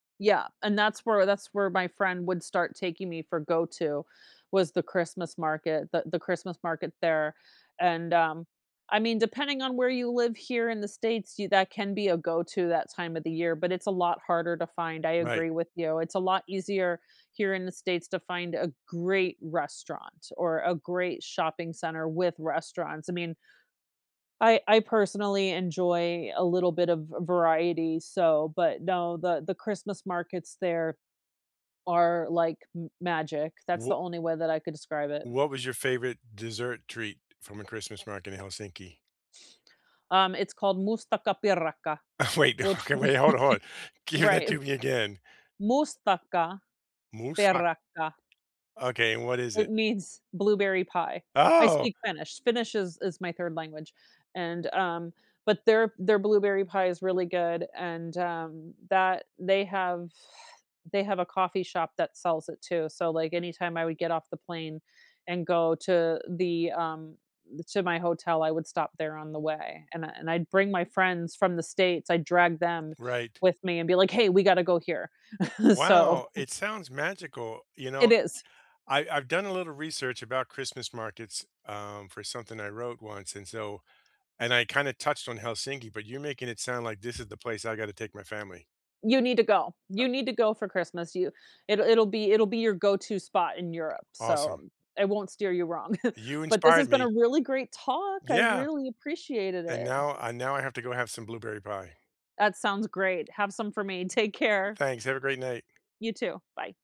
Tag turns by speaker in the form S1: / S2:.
S1: Yeah, and that's where that's where my friend would start taking me for go-to was the Christmas market, the the Christmas market there, and, um I mean, depending on where you live here in the States, you that can be a go-to that time of the year, but it's a lot harder to find, I
S2: Right.
S1: agree with you; it's a lot easier here in the States to find a great restaurant or a great shopping center with restaurants, I mean I I, personally, enjoy a little bit of v variety, so but no, the the Christmas markets there are like m magic; that's the
S2: Wo
S1: only way that I could describe it.
S2: What was your favorite dessert treat from a Christmas market in Helsinki?
S1: Um, it's called Mustikkapiirakka,
S2: Wait.
S1: which
S2: Okay, wait, hold on hold on, give that
S1: Right.
S2: to me again.
S1: Mustikkapiirakka.
S2: Musfak Okay, and what is
S1: It
S2: it?
S1: means blueberry pie. I
S2: Oh!
S1: speak Finnish; Finnish is is my 3rd language, and, um but their their blueberry pie is really good and, um, that they have they have a coffee shop that sells it too, so, like, anytime I would get off the plane, and go to the, um to my hotel, I would stop there on the way, and I and I'd bring my friends from the States; I drag them
S2: Right.
S1: with me and be like, "Hey, we gotta go here." So
S2: Wow, it sounds magical, you
S1: It
S2: know,
S1: is.
S2: I I've done a little research about Christmas markets, um, for something I wrote once, and so and I kinda touched on Helsinki, but you're making it sound like this is the place I gotta take my family.
S1: You need to go
S2: A
S1: you need to go for Christmas, you It'll it'll be it'll be your go-to spot in Europe, so
S2: Awesome.
S1: um, I won't steer you wrong.
S2: You
S1: But this has
S2: inspired
S1: been a
S2: me.
S1: really great talk, I
S2: Yeah.
S1: really appreciated
S2: And
S1: it, uh.
S2: now, I now, I have to go have some blueberry pie.
S1: That sounds great, have some for me; take care.
S2: Thanks, have a great night.
S1: You, too. Bye.